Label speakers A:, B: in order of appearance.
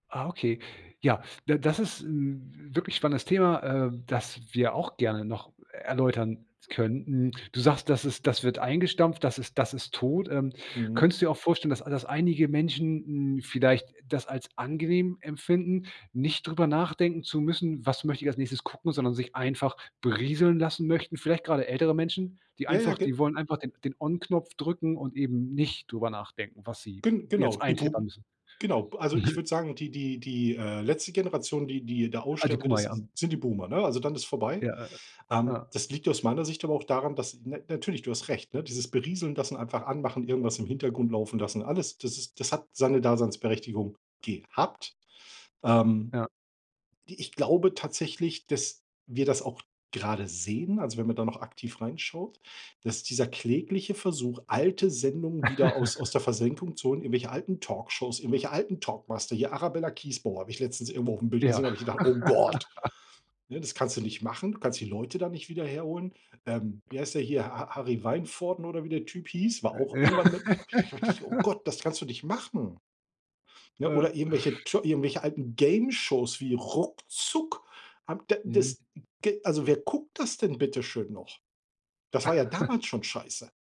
A: Ah, okay. Ja, d das ist 'n wirklich spannendes Thema, äh, das wir auch gerne noch erläutern könnten. Du sagst, das ist das wird eingestampft. Das ist das ist tot. Ähm,
B: Mhm.
A: könntest du dir auch vorstellen, dass a dass einige Menschen, n vielleicht das als angenehm empfinden, nicht drüber nachdenken zu müssen: „Was möchte ich als nächstes gucken“, sondern sich einfach berieseln lassen möchten? Vielleicht gerade ältere Menschen, die
B: Ja, ja,
A: einfach die
B: ge
A: wollen einfach den den On-Knopf drücken und eben nicht drüber nachdenken, was sie
B: Gen
A: jetzt
B: genau, die
A: eintippen
B: Boom
A: müssen.
B: genau. Also ich würde sagen, die die die äh, letzte Generation, die die da
A: Ah, die
B: aussterben wird,
A: Boomer, ja.
B: ist sind die Boomer, ne? Also dann ist vorbei.
A: Ja.
B: Ähm,
A: Ah.
B: das liegt aus meiner Sicht aber auch daran, dass n natürlich, du hast recht, dieses Berieseln lassen, einfach Anmachen, irgendwas im Hintergrund laufen lassen, alles, das ist das hat seine Daseinsberechtigung gehabt. Ähm,
A: Ja.
B: ich glaube tatsächlich, dass wir das auch gerade sehen also wenn man da noch aktiv reinschaut, dass dieser klägliche Versuch, alte Sendungen wieder aus aus der Versenkung zu holen, irgendwelche alten Talkshows, irgendwelche alten Talkmaster. Hier Arabella Kiesbauer habe ich letztens irgendwo aufm Bild
A: Ja.
B: gesehen, da hab ich gedacht: „Oh Gott,“ ne? Das kannst du nicht machen, du kannst die Leute dann nicht wieder herholen. Ähm, wie heißt der hier? Ha Ha Harry Wijnvoord oder wie der Typ hieß, war auch
A: Äh.
B: irgendwann mit. Habe ich gedacht habe ich gedacht: „Oh Gott, das kannst du nicht machen.“ Ja
A: Ja.
B: oder irgendwelche Tscho irgendwelche alten Gameshows wie Ruckzuck, habe d
A: Mhm.
B: das g also wer guckt das denn bitteschön noch? Das war ja damals schon scheiße.